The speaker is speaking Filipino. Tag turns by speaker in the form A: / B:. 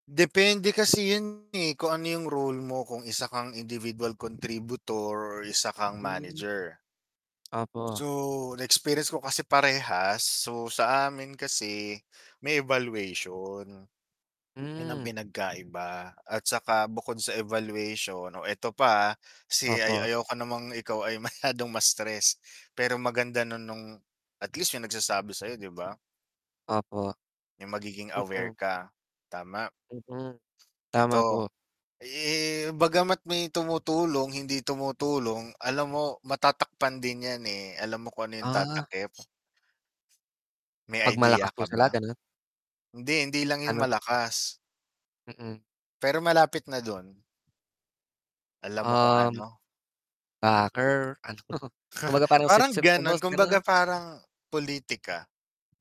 A: Depende kasi 'yon, eh, kung ano 'yong role mo, kung isa kang individual contributor or isa kang
B: Hmm.
A: manager.
B: Opo.
A: So, na-experience ko kasi parehas. So, sa amin kasi may evaluation. 'Yon ang
B: Hmm.
A: pinagkaiba. At saka bukod sa evaluation oh, ito pa, ha, si ay
B: Opo.
A: ayoko namang ikaw ay masyadong ma-stress, pero maganda na no'ng at least may nagsasabi sayo, 'di ba?
B: Opo.
A: 'Yong magiging aware
B: Mm.
A: ka, tama.
B: Mm, tama
A: Ito,
B: po.
A: eh, bagama't may tumutulong, hindi tumutulong alam mo, matatakpan din 'yan, eh. Alam mo kung ano 'yong
B: Ah.
A: tatakip? May
B: 'Pag malakas
A: idea
B: po
A: ka
B: sila,
A: ba?
B: gano'n?
A: Hindi, hindi lang 'yong
B: Ano?
A: malakas.
B: Mm.
A: Pero malapit na do'n. Alam mo kung
B: Um.
A: ano?
B: Backer, ano? Kumbaga parang
A: Parang
B: sipsip sa boss,
A: gano'n,
B: gano'n.
A: kumbaga parang pulitika.